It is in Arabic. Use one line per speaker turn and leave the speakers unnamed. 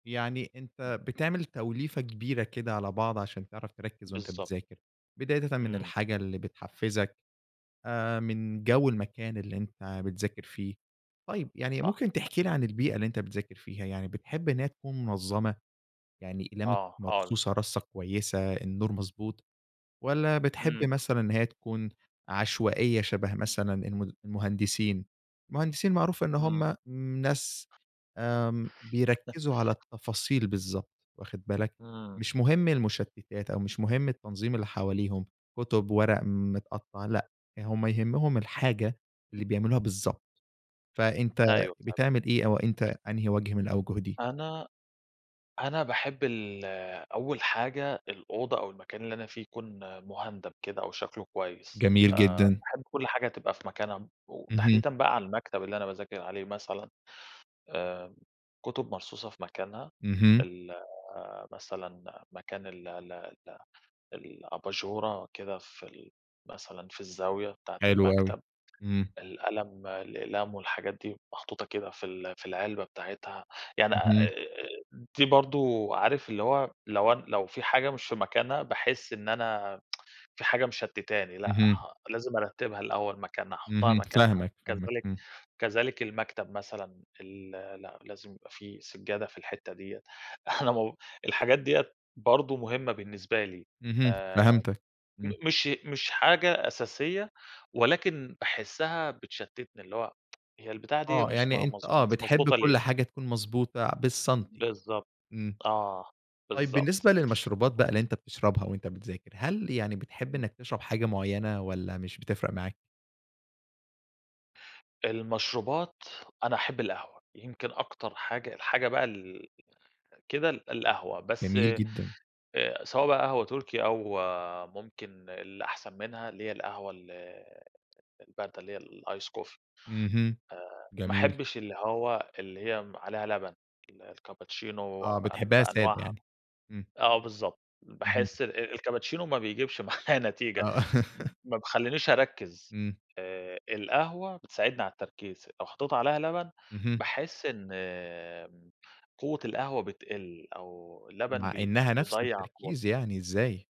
يعني
[unintelligible]
أنت بتعمل توليفة كبيرة كده على بعض عشان تعرف تركِّز وأنت
بالضبط
بتذاكر، بدايةً من
إمم.
الحاجة اللي بتحفزك، آآ، من جو المكان اللي أنت بتذاكر فيه. طيب، يعني
صح.
ممكن تحكي لي عن البيئة اللي أنت بتذاكر فيها؟ يعني بتحب إن هي تكون منظمة؟ يعني أقلامك
آه، آه.
مرصوصة رصة كويسة، النور مضبوط؟ والّا بتحب
إمم.
مثلًا إن هي تكون عشوائية شبه مثلًا الم المهندسين؟ المهندسين معروف إن
إمم.
هم ناس، آمم، بيركزوا على التفاصيل بالضبط، واخد بالك،
إمم.
مش مهم المشتتات أو مش مهم التنظيم اللي حواليهم، كتب، ورق متقطع، لأ، هم يهمهم الحاجة اللي بيعملوها بالضبط، فأنت
أيوه، فعلًا.
بتعمل إيه، أو أنت أنهي وجه من الأوجه دي؟
أنا أنا باحب ال أول حاجة، الأوضة أو المكان اللي أنا فيه يكون مهندم كده أو شكله كويس،
جميل
آآ،
جدًا.
باحب كل حاجة تبقى في مكانها،
اهم.
وتحديدًا بقى على المكتب اللي أنا باذاكر عليه مثلًا، آآ، الكتب مرصوصة في مكانها،
اهم.
ال مثلًا مكان ال ال ال الأباجورة كده في ال مثلًا في الزاوية بتاعة
حلو أوي،
المكتب.
إمم.
القلم الأقلام والحاجات دي محطوطة كده في ال في العلبة بتاعتها، يعني آآ،
اهم.
دي برضه عارف اللي هو، لو أن لو في حاجة مش في مكانها، باحس إن أنا في حاجة مشتتاني، لأ،
اهم.
لازم أرتبها الأول مكانها، أحطها
اهم.
مكانها.
فاهمك، فاهمك.
كذلك
امم.
كذلك المكتب مثلًا، ال لأ، لازم يبقى في سجادة في الحتة ديّة إحنا مو الحاجات ديّة برضه مهمة بالنسبة لي.
اهم،
آآ،
فهمتك امم.
م مش مش حاجة أساسية، ولكن باحسها بتشتتني، اللي هو هي البتاع دي
آه،
مش
يعني
مع
أنت
مض
آه،
مش
بتحب
مضبوطة ليه؟
كل حاجة تكون مضبوطة بالسنتي
بالضبط،
إمم.
آه،
طيب،
بالضبط.
بالنسبة للمشروبات بقى اللي أنت بتشربها وأنت بتذاكر، هل يعني بتحب
إمم.
إنك تشرب حاجة معينة والّا مش بتفرق معاك؟
المشروبات، أنا أحب القهوة، يمكن أكتر حاجة، الحاجة بقى ال كده ال القهوة، بس
جميل جدًا.
آآ سواء بقى قهوة تركي أو ممكن اللي أحسن منها، اللي هي القهوة ال الباردة، اللي هي الice coffee
اهم،
آآ، ما
جميل.
أحبش اللي هو اللي هي عليها لبن، الكابتشينو
آه،
ب
بتحبها سادة
بأنواعها
يعني، امم.
آه، بالضبط،
اهم.
باحس ال الكابتشينو ما بيجيبش معايا نتيجة،
آه.
م ما بيخلنيش أركّز،
إمم.
آآ، القهوة بتساعدني على التركيز، لو حطيت عليها لبن،
اهم.
باحس إن قوة القهوة بتقل، أو اللبن
مع
بي
إنها نفس
بيضيّع
التركيز
قوتها.
يعني إزاي؟